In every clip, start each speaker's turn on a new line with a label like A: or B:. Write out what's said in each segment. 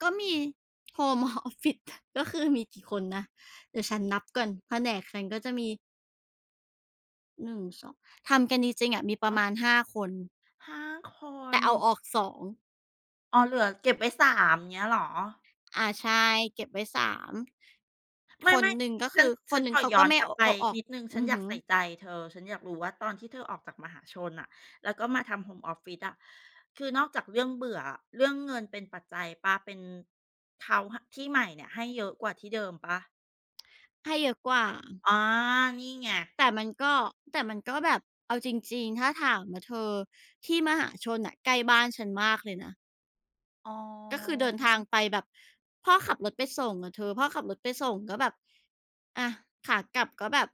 A: ก็มี โฮม ฮ ออฟ ฟิศ ค ก็คือมีกี่คนนะ เดี๋ยวฉันนับก่อนแผนกคันก็จะมี 1 2 ทำกันจริง ๆ อะ มีปร
B: ฮ
A: ะ
B: ะ
A: มาณ 5 คน
B: 5 ค
A: แต่
B: น
A: เอาออก 2
B: อ๋อ เหลือเก็บไว้ 3 อย่างเงี้ยเหรอ?
A: อา ใช่ เก็บไว้ 3
B: ไม
A: คน
B: ่
A: หนึ่งก็
B: ๆ แ
A: ค
B: ล้
A: ื
B: ว
A: อ ค
B: ฉั
A: น
B: น
A: หนึ
B: ข
A: ่ง
B: อ
A: เขา
B: ย
A: ก
B: ้
A: ็
B: อน
A: ไม่
B: กล
A: เ
B: ั
A: อ
B: บ
A: า
B: ไป
A: เอาออก
B: นิดหนึ่งฉ
A: อ
B: ั
A: ื
B: น
A: อ
B: อย
A: ฮ
B: าก
A: ึ
B: ใส่ใจเธอ ฉันอยากรู้ว่าตอนที่เธอออกจากมหาชนน่ะ แล้วก็มาทำโฮมออฟฟิศอะ คือนอกจากเรื่องเบื่ออะ เรื่องเงินเป็นปัจจัยเปล่า? เป็น เถา ห ที่ใหม่เนี่ยให้เยอะกว่าที่เดิมเปล่า?
A: ให้เยอะกว่า
B: อ๋อ นี่ไง
A: แต่มันก็ แต่มันก็แบบ เอาจริง ๆ ถ้าถามอะเธอ ที่มหาชนน่ะใกล้บ้านฉันมากเลยนะ
B: อ๋อ
A: ก็คือเดินทางไปแบบ พ่อขับรถไปส่งอะเธอ พ่อขับรถไปส่งก็แบบ อา ขากลับก็แบบ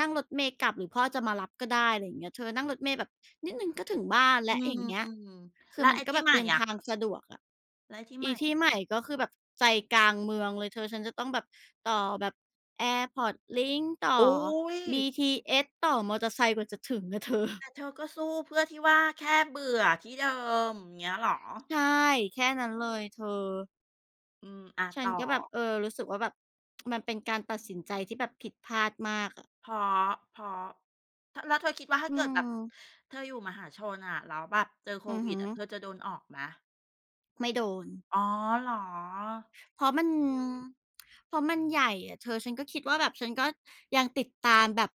A: นั่งรถเมล์กลับหรือพ่อจะมารับก็ได้ อะไรอย่างเงี้ยเธอ นั่งรถเมล์แบบนิดหนึ่งก็ถึงบ้านแ
B: อ
A: ล
B: ื
A: ้ว อย่างเงี้ย
B: ม
A: ค
B: ๆ แ
A: ื
B: ล้
A: อ
B: ว
A: มั
B: ไอ
A: น
B: ้
A: ก็
B: ที่
A: แบ
B: ใ
A: บ
B: หม่
A: เดิน
B: อ
A: ท
B: ะ?
A: างสะดวกอะ
B: แล้วไอ้ที่ใ
A: อ
B: หม
A: ี
B: ่
A: ท
B: อ
A: ี
B: ะ?
A: ่ใหม่ก็คือแบบใจกลางเมืองเลยเธอ ฉันจะต้องแบบต่อแบบ Airport Link ต่
B: อ
A: อ
B: ุ๊ย
A: BTS ต่อมอเตอร์ไซค์ กว่าจะถึงอะ เธอ
B: แต่เธอก็สู้เพื่อที่ว่าแค่เบื่อที่เดิม อย่างเงี้ยเหรอ?
A: ใช่ แค่นั้นเลยเธอ
B: อืม อา
A: ฉั
B: ต
A: น
B: ่อ
A: ก็แบบ เออ รู้สึกว่าแบบ มันเป็นการตัดสินใจที่แบบผิดพลาดมากอะ
B: เพราะ เพราะ ถ แล้วเธอคิดว่าถ้
A: อื
B: าเกิดแบบ
A: ม
B: เธออยู่มหาชนอะ แล้วแบบเจอโค
A: อือ
B: วิ
A: ฮึ
B: ดอะ เธอจะโดนออกไหม?
A: ไม่โดน
B: อ๋อ เหรอ?
A: เพราะมัน เพราะมันใหญ่อะเธอ ฉันก็คิดว่าแบบ ฉันก็ยังติดตามแบบ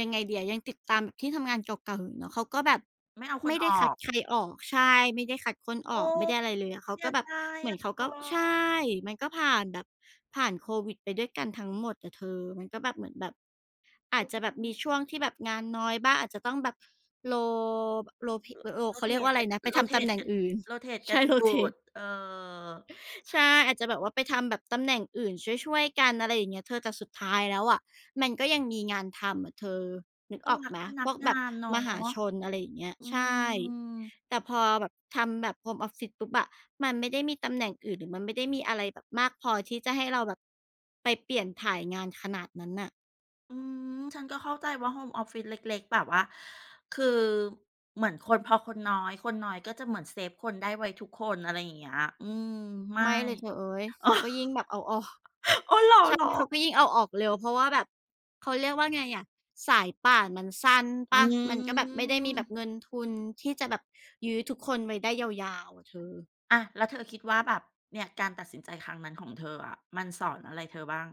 A: ยังไงดีอะ ยังติดตามแบบที่ทำงานเก่า ๆ อยู่เนาะ เขาก็แบบ
B: ไม่เอาค
A: ไม
B: น
A: ่ไ
B: อ
A: ด้
B: อ
A: คัด
B: ก
A: ใครออก ใช่ ไม่ได้คัดคน
B: โ
A: อ
B: อ
A: อ
B: ้
A: ก ไม่ได้อะไรเลยอะ เข
B: เส
A: า
B: ี
A: ก
B: ย
A: ็แบ
B: ด
A: บ
B: าย
A: เหม
B: อ
A: ือ
B: ะ
A: น
B: เธ
A: เขาก็ ใช่
B: อ
A: มันก็ผ่านแบบ ผ่านโควิดไปด้วยกันทั้งหมดอะเธอ มันก็แบบเหมือนแบบ อา
B: อื
A: จ
B: อ
A: จะแบ
B: อ
A: บ
B: ื
A: มี
B: ม
A: ช่วงที่แบบงานน้อยบ้าง อาจจะต้องแบบ โร บ โรเพะ
B: ร
A: ร โร เขาเรียก
B: Rotate
A: ว่าอะ
B: ก
A: ไร
B: ัน
A: นะ ไปทำตำแ
B: Rotate
A: หน่
B: ก
A: งอื่น
B: Rotate
A: ใ
B: ก
A: ช
B: ั
A: ่
B: น หยุด
A: Rotate
B: เออ
A: ใช่ อาจจะแบบว่าไปทำแบบตำแหน่งอื่นช่วย ๆ กัน อะไรอย่างเงี้ยเธอ แต่สุดท้ายแล้วอะมันก็ยังมีงานทำอะเธอ นึก
B: เขา
A: ออก
B: รั
A: ไ
B: ก
A: หม
B: พนั
A: พ
B: ก
A: วก
B: ง
A: แ
B: า
A: บบ
B: นเนาะ
A: มหาชน อะไรอย่างเงี้ย
B: อื
A: ใช่
B: ม
A: แต่พอแบบทำแบบโฮมออฟฟิศปุ๊บอะ มันไม่ได้มีตำแหน่งอื่น หรือมันไม่ได้มีอะไรแบบมากพอที่จะให้เราแบบไปเปลี่ยนถ่ายงานขนาดนั้นน่ะ
B: อืม ฉันก็เข้าใจว่าโฮมออฟฟิศเล็ก ๆ แบบว่า คือเหมือนคน พอคนน้อย คนน้อยก็จะเหมือนเซฟคนได้ไว้ทุกคน อะไรอย่างเงี้ย อืม ไม่
A: ไม่เลยเธอเอ้ย
B: อ
A: เขาก็ยิ่งแบบเอาออก
B: ๋อ เหรอ
A: ใช่
B: เหรอ?
A: เขาก็ยิ่งเอาออกเร็ว เพราะว่าแบบ เขาเรียกว่าไงอะ สายป่านมันสั้นเ
B: อ
A: ป
B: ื
A: ล่า มันก็แบบไม่ได้มีแบบ
B: ม
A: เงินทุนที่จะแบบยื้อทุกคนไว้ได้ยาว ๆ อะเธอ
B: อา แล้วเธอคิดว่าแบบ เนี่ยการตัดสินใจครั้งนั้นของเธออะมันสอนอะไรเธอบ้าง?